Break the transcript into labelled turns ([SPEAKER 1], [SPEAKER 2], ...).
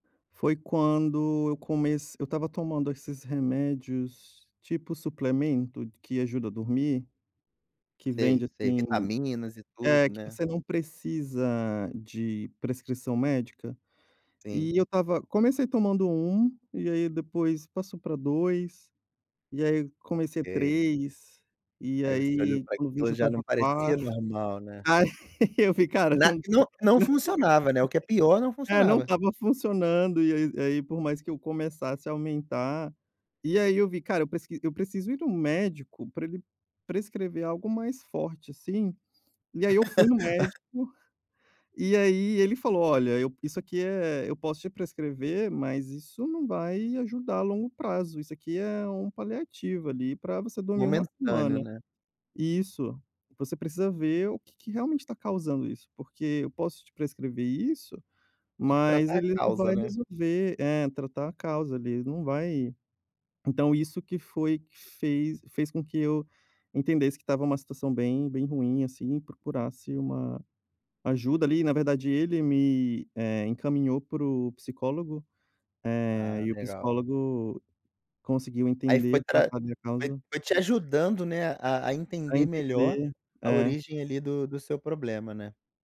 [SPEAKER 1] Foi quando eu comece eu estava tomando esses remédios, tipo suplemento que ajuda a dormir. Que
[SPEAKER 2] Sei,
[SPEAKER 1] vende,
[SPEAKER 2] sei,
[SPEAKER 1] assim
[SPEAKER 2] vitaminas e
[SPEAKER 1] é,
[SPEAKER 2] tudo,
[SPEAKER 1] que
[SPEAKER 2] né.
[SPEAKER 1] você não precisa de prescrição médica.
[SPEAKER 2] Sim.
[SPEAKER 1] E eu estava comecei tomando 1 e aí depois passou para 2, e aí comecei
[SPEAKER 2] Ok.
[SPEAKER 1] 3, e
[SPEAKER 2] Aí você olhou
[SPEAKER 1] aí,
[SPEAKER 2] para
[SPEAKER 1] quando eu vi,
[SPEAKER 2] aquilo,
[SPEAKER 1] já
[SPEAKER 2] já não
[SPEAKER 1] estava
[SPEAKER 2] parecia
[SPEAKER 1] 4.
[SPEAKER 2] normal, né?
[SPEAKER 1] Aí, eu vi cara
[SPEAKER 2] Na
[SPEAKER 1] não
[SPEAKER 2] não não funcionava, né, o que é pior, não
[SPEAKER 1] não, é não
[SPEAKER 2] funcionava.
[SPEAKER 1] estava funcionando, e aí e aí por mais que eu começasse a aumentar e aí eu vi: "Cara, eu presqui eu preciso ir no médico para ele prescrever algo mais forte assim". E aí eu fui no médico, e aí ele falou: "Olha, eu isso aqui é eu posso te prescrever, mas isso não vai ajudar a longo prazo. Isso aqui é um paliativo ali para você dormir uma
[SPEAKER 2] Momentâneo,
[SPEAKER 1] semana".
[SPEAKER 2] né.
[SPEAKER 1] Isso. "Você precisa ver o que que realmente tá causando isso porque eu posso te prescrever isso,
[SPEAKER 2] Tem que
[SPEAKER 1] mas
[SPEAKER 2] tratar a
[SPEAKER 1] ele não
[SPEAKER 2] causa,
[SPEAKER 1] vai
[SPEAKER 2] né.
[SPEAKER 1] resolver é, tratar a causa ali, não vai". Então, isso que foi que fez fez com que eu entendesse que estava uma situação bem, bem ruim assim e procurasse uma ajuda ali. Na verdade, ele me, eh, encaminhou para o psicólogo, eh,
[SPEAKER 2] Ah,
[SPEAKER 1] e o
[SPEAKER 2] legal.
[SPEAKER 1] psicólogo conseguiu
[SPEAKER 2] Aí
[SPEAKER 1] entender
[SPEAKER 2] foi
[SPEAKER 1] e
[SPEAKER 2] pra
[SPEAKER 1] tratar a minha
[SPEAKER 2] foi
[SPEAKER 1] causa.
[SPEAKER 2] foi te ajudando, né, a a
[SPEAKER 1] A
[SPEAKER 2] entender melhor
[SPEAKER 1] entender,
[SPEAKER 2] a
[SPEAKER 1] é.
[SPEAKER 2] origem ali do do seu problema, né.